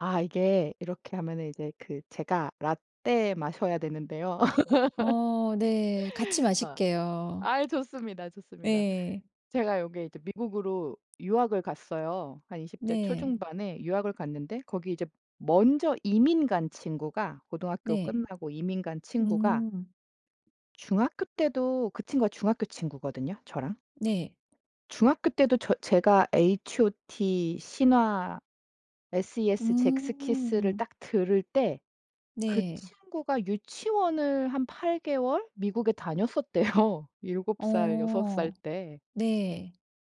아 이게 이렇게 하면은 이제 그 제가 라떼 마셔야 되는데요. 어 네. 같이 아. 마실게요. 아이 좋습니다, 좋습니다. 예. 제가 여기 이제 미국으로 유학을 갔어요. 한 20대 네. 초중반에 유학을 갔는데 거기 이제 먼저 이민 간 친구가 고등학교 네. 끝나고 이민 간 친구가 음. 중학교 때도 그 친구가 중학교 친구거든요, 저랑. 네. 중학교 때도 저 제가 HOT, 신화, SES, 젝스키스를 음. 딱 들을 때 그 네. 친구가 유치원을 한 8개월 미국에 다녔었대요. 7 살, 6 어. 살 때. 네.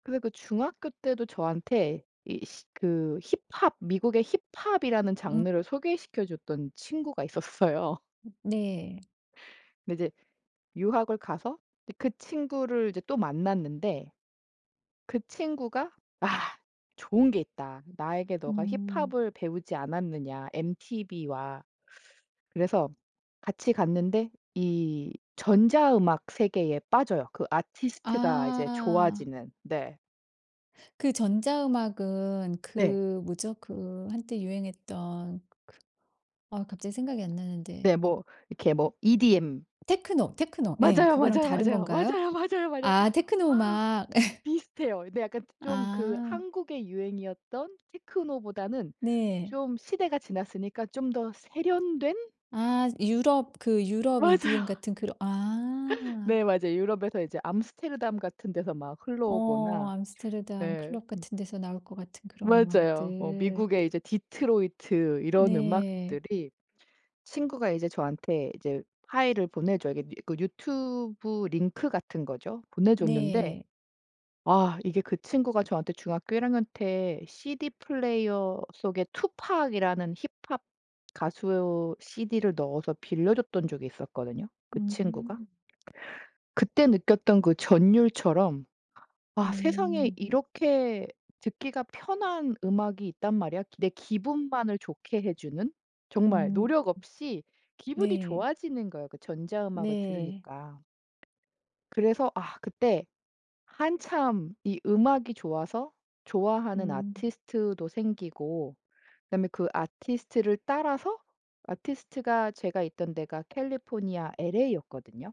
그래서 그 중학교 때도 저한테 이 시 그 힙합 미국의 힙합이라는 음. 장르를 소개시켜줬던 친구가 있었어요. 음 네. 근데 이제 유학을 가서 네 그 친구를 이제 또 만났는데 그 친구가 "아 좋은 게 있다. 나에게 너가 음. 힙합을 배우지 않았느냐 엠티비와." 그래서 같이 갔는데 이 전자 음악 세계에 빠져요. 그 아티스트가 이제 아. 좋아지는 네. 그 전자음악은 네. 그 뭐죠? 그 한때 유행했던 그 아 갑자기 생각이 안 나는데 네. 뭐 이렇게 뭐 EDM. 테크노, 테크노 예 맞아요, 그거랑 맞아요, 다른 맞아요, 건가요? 맞아요, 맞아요, 맞아요. 아 테크노 아 음악. 비슷해요. 근데 약간 좀 그 아. 한국의 유행이었던 테크노보다는 네. 좀 시대가 지났으니까 좀 더 세련된 아 유럽 그 유럽 EDM 맞아요. 같은 그런 아. 네 맞아요. 유럽에서 이제 암스테르담 같은 데서 막 어 흘러오거나. 암스테르담 네 클럽 음. 같은 데서 나올 것 같은 그런 맞아요. 뭐 음악들. 미국의 이제 디트로이트 이런 네. 음악들이 친구가 이제 저한테 이제 파일을 보내줘요. 이게 그 유튜브 링크 같은 거죠. 보내줬는데 네. 아 이게 그 친구가 저한테 중학교 1 학년 때 CD플레이어 속에 투팍이라는 힙합 가수 CD를 넣어서 빌려줬던 적이 있었거든요, 그 친구가. 음. 그때 느꼈던 그 전율처럼 '아 세상에 음. 이렇게 듣기가 편한 음악이 있단 말이야. 내 기분만을 좋게 해 주는.' 정말 음. [unintelligible] 노력 없이 기분이 네. 좋아지는 거예요, 그 전자 음악을 네. 들으니까. 그래서 아 그때 한참 이 음악이 좋아서 좋아하는 음. 아티스트도 생기고 그다음에 그 아티스트를 따라서 아티스트가 제가 있던 데가 캘리포니아 LA였거든요.